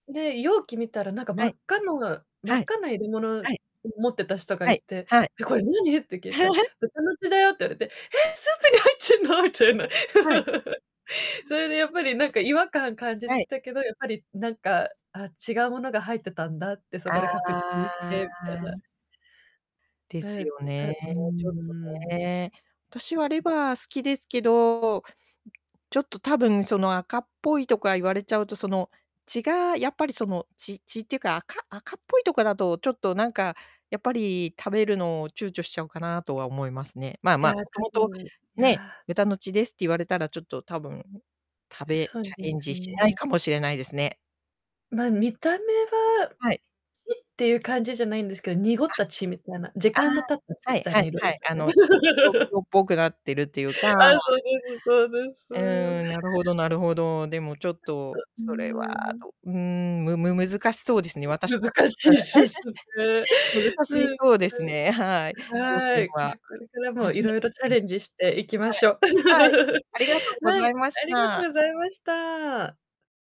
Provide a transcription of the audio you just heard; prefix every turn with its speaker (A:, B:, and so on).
A: で、容器見たら何か真
B: は
A: っ
B: い。
A: 赤のが真っ
B: はい。
A: 赤な入れ物、
B: は
A: う
B: い。
A: 持ってた人が
B: は
A: い
B: い
A: て
B: はい。
A: 「え、これ何？」って聞いたら 「豚の血だよ」って言われて、え！スープに入っちぇんの？
B: はい。
A: みたいな。
B: う
A: そ
B: ん。
A: れでやっぱりなんか違和感感じ
B: は
A: て
B: い。
A: たけど、やっぱりなんか「あ、違うものが入ってたんだ」ってそこで確認し
B: あ
A: て、みたいな。
B: あ。です
A: で、
B: よ
A: ずた
B: ね。
A: うー
B: ちょっと
A: ん。うう
B: ね。私はレ
A: ん。
B: バー好きですけど、うちょっと多分その赤っぽいとか言われちゃうと、その、血が、やっぱりその、血血っていうか、赤赤っぽいとかだと、ちょっとなんか、やっぱり食べるのを躊躇しちゃうかなとは思いますね。まあ
A: い
B: ま
A: や、
B: あ、
A: 多
B: 元々、
A: 分い
B: ね、
A: や。
B: 豚の血ですって言われたら、ちょっと多分、食べ
A: そ
B: チ
A: う
B: ャ
A: で
B: レン
A: す
B: ジしない
A: ね。
B: かもしれないですね。
A: ま、見た目は
B: はい。
A: いっていう感じじゃないんですけど、濁
B: あ、
A: った血みたいな、時
B: あ
A: 間の経った血
B: あ、は
A: み
B: い
A: たい
B: は
A: な
B: い
A: 色
B: は
A: で
B: い。
A: す
B: あ
A: よね。
B: の、ちょっと黒 黒っぽくなってるっていうか。
A: ああ、そうですそうです。
B: うん、なるほどなるほど。でもちょっと
A: う
B: それは
A: ーん。
B: どうーん、むむ難しそうですね、私もちょっと
A: 難し
B: 誰
A: いせすね。
B: 難し
A: うん、
B: そうですね、はい。挑
A: は
B: 戦
A: い、じ
B: は。
A: ゃこれからも
B: 初め
A: 色
B: て
A: 々チ
B: 聞
A: ャ
B: きま
A: レ
B: す。
A: ンジしていきましょ。
B: はい。はい。ありがとうご
A: は
B: ざ
A: い、
B: いまし
A: ありがと
B: た。
A: うございました。